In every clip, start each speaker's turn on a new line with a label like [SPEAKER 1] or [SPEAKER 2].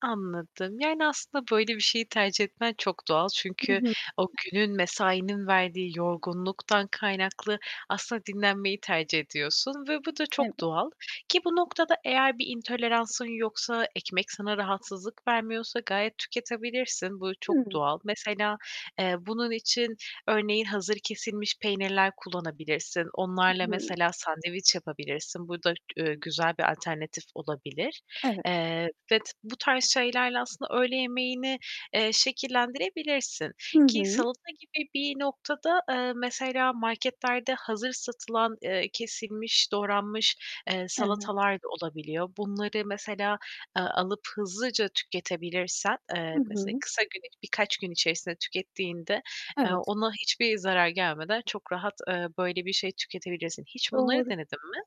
[SPEAKER 1] Anladım. Yani, aslında böyle bir şeyi tercih etmen çok doğal.
[SPEAKER 2] Hı
[SPEAKER 1] Çünkü
[SPEAKER 2] hı.
[SPEAKER 1] o günün, mesainin verdiği yorgunluktan kaynaklı aslında dinlenmeyi tercih ediyorsun ve bu da
[SPEAKER 2] Evet.
[SPEAKER 1] çok doğal ki bu noktada eğer bir intoleransın yoksa, ekmek sana rahatsızlık vermiyorsa gayet tüketebilirsin. Bu çok
[SPEAKER 2] Hıı.
[SPEAKER 1] doğal. Mesela, eee, bunun için örneğin hazır kesilmiş peynirler kullanabilirsin.
[SPEAKER 2] Hı
[SPEAKER 1] Onlarla
[SPEAKER 2] hı.
[SPEAKER 1] mesela sandviç yapabilirsin. Bu da, ııı, güzel bir alternatif olabilir.
[SPEAKER 2] Evet.
[SPEAKER 1] Eee, vet bu tarz şeylerle aslında öğle yemeğini, eee, şekillendirebilirsin
[SPEAKER 2] Hı
[SPEAKER 1] ki
[SPEAKER 2] hı.
[SPEAKER 1] salata gibi bir noktada, eee, mesela marketlerde hazır satılan, eee, kesilmiş, doğranmış, eee,
[SPEAKER 2] Evet.
[SPEAKER 1] salatalar da olabiliyor. Bunları mesela, eee, alıp hızlıca tüketebilirsen, eee,
[SPEAKER 2] Hı
[SPEAKER 1] mesela
[SPEAKER 2] hı.
[SPEAKER 1] kısa günlük birkaç gün içerisinde tükettiğinde, eee,
[SPEAKER 2] Evet.
[SPEAKER 1] ona hiçbir zarar gelmeden çok rahat, eee, böyle bir şey tüketebilirsin. Hiç bunları
[SPEAKER 2] Doğru.
[SPEAKER 1] denedin mi?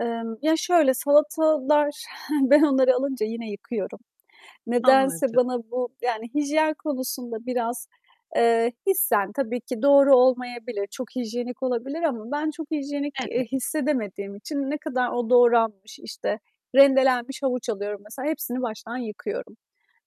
[SPEAKER 2] Emm, ya, şöyle, salatalar ben onları alınca yine yıkıyorum. Nedense
[SPEAKER 1] Anladım.
[SPEAKER 2] bana bu, yani, hijyen konusunda biraz, eee, hissen tabii ki doğru olmayabilir, çok hijyenik olabilir ama ben çok hijyenik, eee,
[SPEAKER 1] Evet.
[SPEAKER 2] hissedemediğim için ne kadar o doğranmış, işte, rendelenmiş havuç alıyorum mesela, hepsini baştan yıkıyorum.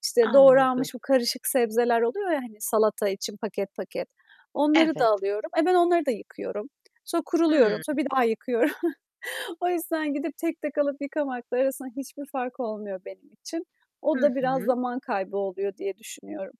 [SPEAKER 2] İşte,
[SPEAKER 1] Anladım.
[SPEAKER 2] doğranmış bu karışık sebzeler oluyor ya, hani, salata için paket, paket, onları da
[SPEAKER 1] Evet.
[SPEAKER 2] alıyorum. E, ben onları da yıkıyorum. Sonra kuruluyorum,
[SPEAKER 1] Hımm.
[SPEAKER 2] sonra bir daha yıkıyoru O yüzden gidip, tek tek alıp, yıkamakla arasında hiçbir fark olmuyor benim için. O
[SPEAKER 1] Hı
[SPEAKER 2] da biraz
[SPEAKER 1] hı.
[SPEAKER 2] zaman kaybı oluyor diye düşünüyorum.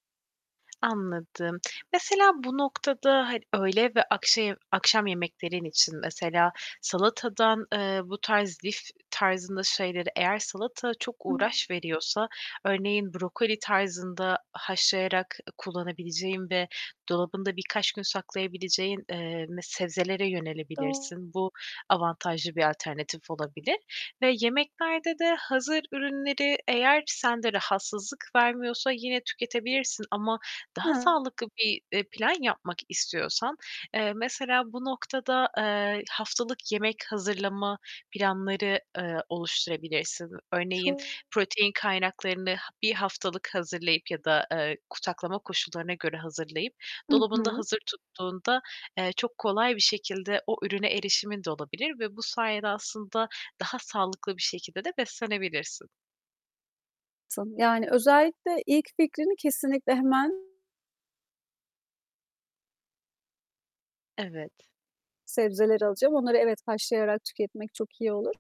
[SPEAKER 1] Anladım. Mesela bu noktada ha öğle ve akşe akşam yemeklerin için mesela salatadan, eee, bu tarz lif tarzında şeyleri eğer salata çok uğraş veriyorsa, örneğin brokoli tarzında haşlayarak ı kullanabileceğin ve dolabında birkaç gün saklayabileceğin, eee, me sebzelere
[SPEAKER 2] Doğ
[SPEAKER 1] yönelebilirsin. Bu, avantajlı bir alternatif olabilir ve yemeklerde de hazır ürünleri -eğer sende rahatsızlık vermiyorsa yine tüketebilirsin. Ama daha
[SPEAKER 2] Hı.
[SPEAKER 1] sağlıklı bir, eee, plan yapmak istiyorsan, eee, mesela bu noktada, eee, haftalık yemek hazırlama planları, eee, oluşturabilirsin. Örneğin
[SPEAKER 2] Çok
[SPEAKER 1] protein kaynaklarını ha 1 haftalık hazırlayıp ya da, eee, ku saklama koşullarına göre hazırlayıp
[SPEAKER 2] Hı
[SPEAKER 1] dolabında
[SPEAKER 2] hı.
[SPEAKER 1] hazır tuttuğunda, eee, çok kolay bir şekilde o ürüne erişimin de olabilir ve bu sayede aslında daha sağlıklı bir şekilde de beslenebilirsin.
[SPEAKER 2] Tabii, yani, özellikle ilk fikrini kesinlikle hemen.
[SPEAKER 1] Evet.
[SPEAKER 2] Sebzeleri alacağım. Onları evet, haşlayarak tüketmek çok iyi olur.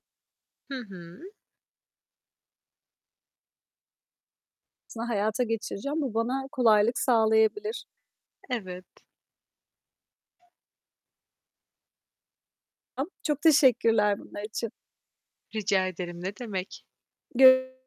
[SPEAKER 1] Hı hı.
[SPEAKER 2] S hayata geçireceğim. Bu bana kolaylık sağlayabilir.
[SPEAKER 1] Evet.
[SPEAKER 2] Am çok teşekkürler bunlar için.
[SPEAKER 1] Rica ederim, ne demek.
[SPEAKER 2] Gör